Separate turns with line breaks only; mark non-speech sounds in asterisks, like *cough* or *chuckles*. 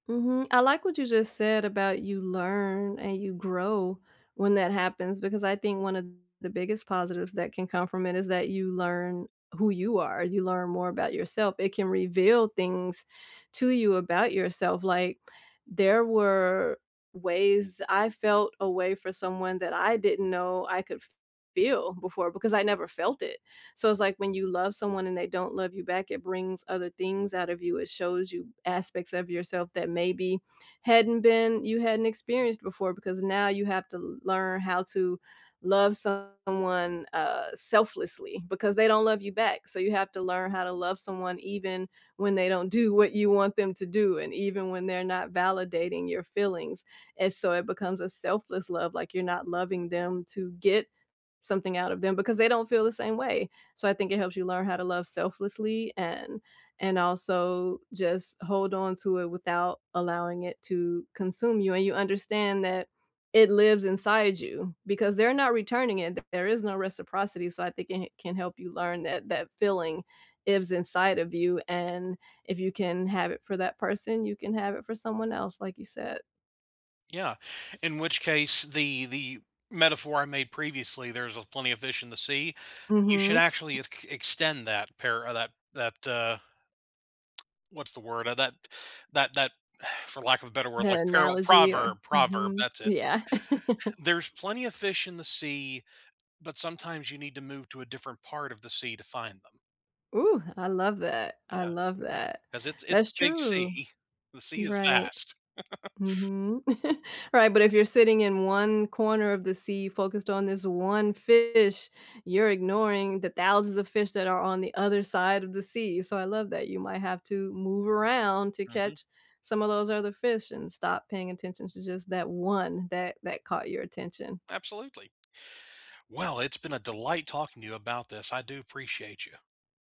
Mhm, I like what you just said about, "You learn and you grow when that happens," because I think one of the biggest positives that can come from it is that you learn who you are, you learn more about yourself, it can reveal things to you about yourself, Like, there were ways I felt a way for someone that I didn't know I could f feel before because I never felt it. So, it's, like, when you love someone and they don't love you back, it brings other things out of you, it shows you aspects of yourself that maybe hadn't been you hadn't experienced before because now you have to learn how to love someone, uh, selflessly, because they don't love you back, so you have to learn how to love someone even when they don't do what you want them to do and even when they're not validating your feelings, and so it becomes a selfless love, like you're not loving them to get something out of them because they don't feel the same way. So, I think it helps you learn how to love selflessly and and also just hold onto it without allowing it to consume you, and you understand that it lives inside you because they're not returning it, and there is no reciprocity, so I think it ca can help you learn that that feeling is inside of you and if you can have it for that person, you can have it for someone else, like you said.
Yeah, in which case, the the metaphor I made previously, "There's, uh, plenty of fish in the sea," you should
Mhm.
actually
*chuckles*
eck extend that pair uh, that that, uh *tsk* What's the word uh, that that that *exhales* for lack of a better word,
The
like perol
analogy or
proverb, proverb,
Mhm,
that's it.
yeah. *chuckles*
There's plenty of fish in the sea, but sometimes you need to move to a different part of the sea to find them.
Ooh, I love that, I
Yeah,
love that.
'cause it's it's a
That's
big
true.
sea, the sea is
Right.
vast. *chuckles*
Mhm. *chuckles* Right, but if you're sitting in 1 corner of the sea focused on this 1 fish, you're ignoring the thousands of fish that are on the other side of the sea, so I love that you might have to move around to
Mhm.
catch some of those other fish and stop paying attention to just that 1 that that caught your attention.
Absolutely. Well, it's been a delight talking to you about this, I do appreciate you.